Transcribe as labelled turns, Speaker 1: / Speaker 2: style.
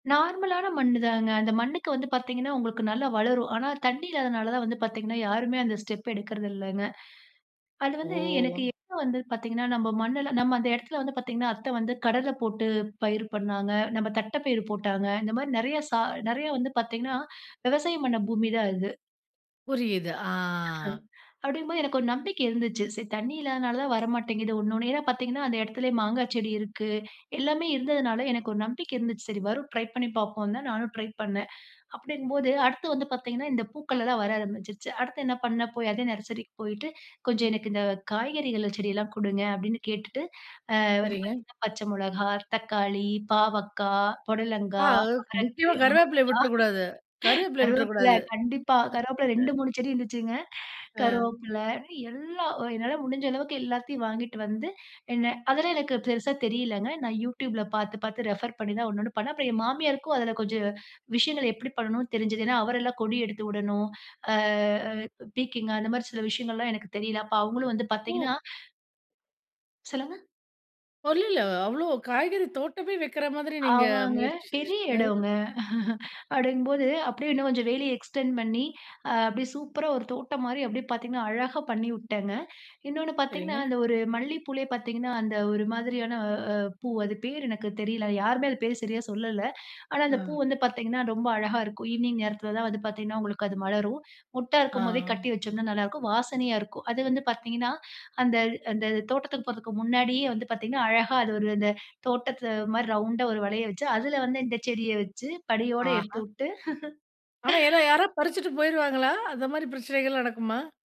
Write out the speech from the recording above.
Speaker 1: நார்மலான மண்ணு தாங்க. அந்த மண்ணுக்கு வந்து பாத்தீங்கன்னா, உங்களுக்கு நல்லா வளரும். ஆனா, தண்ணீ இல்லாதனால தான் வந்து பாத்தீங்கன்னா, யாருமே அந்த ஸ்டெப் எடுக்கிறது இல்லங்க. அது வந்து, எனக்கு
Speaker 2: ஓ!
Speaker 1: எப்போ வந்தது பாத்தீங்கன்னா, நம்ம மண்ணெல்லாம் நம்ம அந்த இடத்தில வந்து பாத்தீங்கன்னா, அத்த வந்து கடல போட்டு பயிர் பண்ணாங்க. நம்ப தட்டைப்பயிரு போட்டாங்க. இந்த மாரி நெறைய சா நெறையா வந்து பாத்தீங்கன்னா விவசாயம் பண்ண பூமி தான் அது.
Speaker 2: புரியுது. ஆ.
Speaker 1: அப்டிங்கும்போது, எனக்கு ஒரு நம்பிக்கை இருந்துச்சு. சரி தண்ணி இல்லாதனால தான் வர மாட்டேங்குது. ஒண்ணு ஒண்ணயா பாத்தீங்கன்னா, அந்த எடத்துலயே மாங்கா செடி இருக்கு, எல்லாமே இருந்ததுனால எனக்கு ஒரு நம்பிக்கை இருந்துச்சு. சரி வரும், ட்ரை பண்ணி பாப்போம்ன்னு தான் நானும் ட்ரை பண்ணேன். அப்படியிருக்கும்போது, அடுத்து வந்து பாத்தீங்கன்னா, இந்த பூக்கள் எல்லாம் வர ஆரம்பிச்சுருச்சு. அடுத்து என்னா பண்ணேன்? போய் அதே நர்சரிக்கு போயிட்டு, "கொஞ்சம் எனக்கு இந்த காய்கறிகள்ள செடியெல்லாம் குடுங்க" அப்படின்னு கேட்டுட்டு அ வந்து
Speaker 2: சரிங்க.
Speaker 1: பாத்தீங்கன்னா, பச்ச மொளகா, தக்காளி, பாவக்கா,
Speaker 2: ஆ.
Speaker 1: புடலங்கா,
Speaker 2: ம்.
Speaker 1: அவரைக்கு
Speaker 2: நிச்சயமா.
Speaker 1: அவரைக்கா
Speaker 2: கருவேப்பிலைய விட்டுறக்கூடாது கருகப்பிலைய
Speaker 1: கருவேப்பில
Speaker 2: விட்டுறக்கூடாது.
Speaker 1: கண்டிப்பா கருவேப்பில
Speaker 2: ஆ,
Speaker 1: ரெண்டு,
Speaker 2: அ.
Speaker 1: மூணு செடி இருந்துச்சுங்க.
Speaker 2: அ.
Speaker 1: கருவேப்பில எல்லாம் அ என்னால முடிஞ்ச அளவுக்கு எல்லாத்தையும் வாங்கிட்டு வந்து என்னா அதெல்லாம் எனக்கு பெருசா தெரியலங்க. நான் YouTubeல பாத்து பாத்து ரெஃபர் பண்ணி தான் ஒண்ணு ஒண்ணும் பண்ணேன். அப்பறம் என் மாமியாருக்கும் அதில கொஞ்சம் விஷயங்கள், எப்படி பண்ணனும்ன்னு தெரிஞ்சது. ஏன்னா, அவரை எல்லாம் கொடி எடுத்து உடணும். அ அ பீர்க்கங்காய் அந்த மாரி சில விஷியங்கல்லாம் எனக்கு தெரியல. அப்போ அவுங்களும் வந்து
Speaker 2: ஒ!
Speaker 1: பாத்தீங்கன்னா சொல்லுங்க.
Speaker 2: [unintelligible] அவ்வளோ காய்கறி தோட்டமே வெக்கற மாதிரி நீங்க
Speaker 1: ஆமாங்க.
Speaker 2: முயற்சி
Speaker 1: பெரிய
Speaker 2: செஞ்சுருக்கீங்க.
Speaker 1: எடோங்க! அப்படிங்கும்போது, அப்படியே இன்னும் கொஞ்சம் வேலி எக்ஸ்டெண்ட் பண்ணி அ அப்டியே சூப்பரா ஒரு தோட்டம் மாரி அப்படியே பாத்தீங்கன்னா, அழகா பண்ணிவுட்டேங்க. இன்னோண்ணு பாத்தீங்கன்னா,
Speaker 2: சரிங்க.
Speaker 1: அந்த ஒரு மல்லிப்பூலயே பாத்தீங்கன்னா, அந்த ஒரு மாதிரியான அ பூ அது பேர் எனக்கு தெரியல! யாருமே அது பேர் சரியா சொல்லல. ஆனா, அந்த பூ
Speaker 2: ஆ.
Speaker 1: வந்து பாத்தீங்கன்னா, ரொம்ப அழகா இருக்கும். ஈவினிங் நேரத்தில தான் வந்து பாதீங்கன்னா உங்களுக்கு அது மலரும். மொட்டா இருக்கும் போதே
Speaker 2: ஆமா.
Speaker 1: கட்டிவெச்சோம்ன்னா நல்லா இருக்கும். வாசனையா இருக்கும். அது வந்து பாத்தீங்கன்னா, அந்த அந்த தோட்டத்துக்கு போறதுக்கு முன்னாடியே வந்து பாத்தீங்கன்னா, அழகா அது ஒரு அந்த தோட்டத்துல ஒருமாறி ரௌண்டா ஒரு வளையம் வெச்சு, அதில வந்து இந்த செடிய வெச்சு, படியோட எடுத்து
Speaker 2: ஆஹா!
Speaker 1: உட்டு
Speaker 2: ஆனா யாரா யாராவ் பறிச்சிட்டு போய்ருவாங்களோ? அந்த மாரி பிரச்சனைகள் நடக்குமா?